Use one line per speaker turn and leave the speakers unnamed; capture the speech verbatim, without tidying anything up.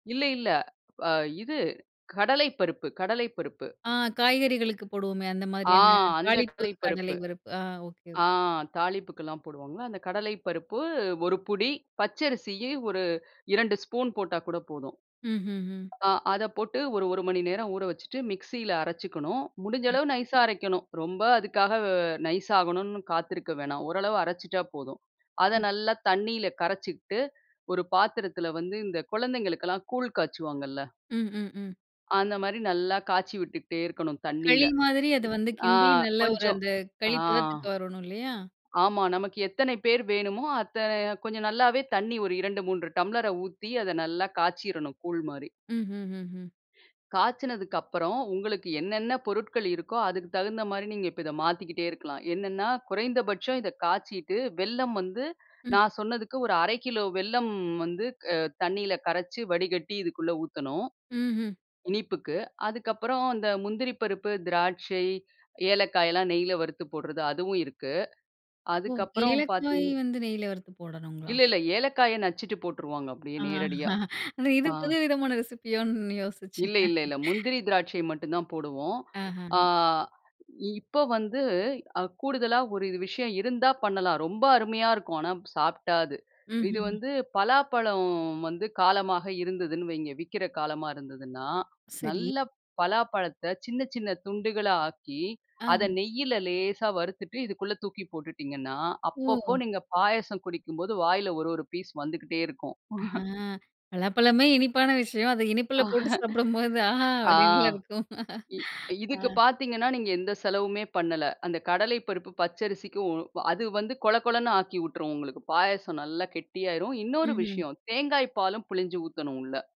இல்ல இல்ல அ இது கடலை பருப்பு கடலை பருப்பு.
ஆ காய்கறிகளுக்கு போடுவோமே அந்த
ஆ
மாரியான
அந்த
தாளிப்பு கடலை
கடலைப்பருப்பு.
பருப்பு. ஆ ஓகே, ஓகே.
ஆ தாலிப்புக்குலாம் போடுவாங்க அந்த கடலை பருப்பு ஒரு புடி, பச்சரிசி ஒரு இரண்டு ஸ்பூன் போட்டா கூட போதும்.
ம்ஹ்ம்.
ஆ அத போட்டு ஒரு ஒரு மணி நேரம் ஊற வச்சுட்டு மிக்ஸியில அரைச்சிக்கணும், முடிஞ்ச
ம்.
அளவு நைஸா அரைக்கணும். ரொம்ப அதுக்காக வ நைஸாகணும்னு காத்திருக்க வேணாம். ஓரளவு அரைச்சிட்டா போதும். அத
ம்.
நல்லா தண்ணியில கரைச்சுகிட்டு ஒரு பாத்திரத்தில வந்து இந்த கொழந்தைங்களுக்கெல்லாம் கூழ் காய்ச்சுவாங்கல்ல.
ம். ம். ம்.
அந்த மாரி நல்லா காய்ச்சி விட்டுகிட்டே இருக்கணும் தண்ணியில.
களி மாதிரி அது வந்து
ம். ஆ
கிண்டி நல்லா ஒரு
கொஞ்சம்
அந்த களி
ஆ.
பதத்துக்கு வரணும் இல்லையா?
ஆமா நமக்கு எத்தனை பேர் வேணுமோ அத்தனை கொஞ்சம் நல்லாவே தண்ணி ஒரு இரண்டு மூன்று டம்ளர ஊத்தி அத நல்லா காய்ச்சிரனும் கூல் மாரி.
ம். ம். ம். ம்.
காய்ச்சனதுக்கப்பறம் உங்களுக்கு என்னென்ன பொருட்கள் இருக்கோ, அதுக்கு தகுந்த மாரி நீங்க இதை மாத்திக்கிட்டே இருக்கலாம். என்னென்ன்னா குறைந்தபட்சம் இதைக் காய்ச்சிட்டு வெல்லம் வந்து,
ம்.
நான் சொன்னதுக்கு ஒரு அரை கிலோ வெல்லம் வந்து அ தண்ணீல கரைச்சு வடிகட்டி இதுக்குள்ள ஊத்தனும்.
ம்ஹ்ம்.
இனிப்புக்கு. அதுக்கப்பறம் அந்த முந்திரி பருப்பு, திராட்சை, ஏலக்காய் எல்லாம் நெயில வறுத்து போட்றது அதுவும் இருக்கு.
ஓ!
அதுக்கு அப்புறம்
ஏலக்காய்
பார்த்தீங்கன்னா,
வந்து நெய்யில வறுத்து போடணுங்களா?
இல்ல இல்ல ஏலக்காய நச்சுட்டு போட்ருவாங்க அப்டியே
ஆ.
நேரடியா.
இது
ஆ.
புது விதமான ரெசிப்பியோன்னு யோசிச்சேன்.
இல்ல இல்ல இல்ல முந்திரி திராட்சை மட்டும் தான் போடுவோம். ஆ
ஆஹ.
இப்ப வந்து கூடுதலா ஒரு விஷயம் இருந்தா பண்ணலாம். ரொம்ப அருமையா இருக்கும். ஆனா சாப்பிட்டா அது. இது
ம்ஹ்ம்.
வந்து பலாப்பழம் வந்து காலமாக இருந்ததுன்னு வையங்க, விக்கிற காலமா இருந்ததுன்னா
சரி.
நல்ல பலாப்பழத்த சின்ன சின்ன துண்டுகளாஆக்கி, அத
ஆஹ.
நெய்யில லேசா வறுத்துட்டு இதுக்குள்ள தூக்கி போட்டுட்டீங்கன்னா, அப்பப்போ
ஒ!
நீங்க பாயாசம் குடிக்கும்போது வாயில ஒரு ஒரு பீஸ் வந்துகிட்டே இருக்கும்.
அ பலாப்பழமே இனிப்பான விஷயம் அதை இனிப்பில போட்டு சாப்பிடும்போது ஆஹா!
ஆ
அப்டின்ல இருக்கும்.
இ
ஆ
இதுக்கு பார்த்தீங்கன்னா நீங்க எந்த செலவுமே பண்ணல. அந்த கடலை பருப்பு பச்ச அரிசிக்கு அது வந்து கொள கொளன்னு ஆக்கி விட்டுரும். உங்களுக்கு பாயாசம் நல்லா கெட்டியா ஆகிரும்.
ம்.
இன்னொரு
ம்.
விஷயம் தேங்காய் பாலும் பிழிஞ்சு ஊத்தனும் உள்ள.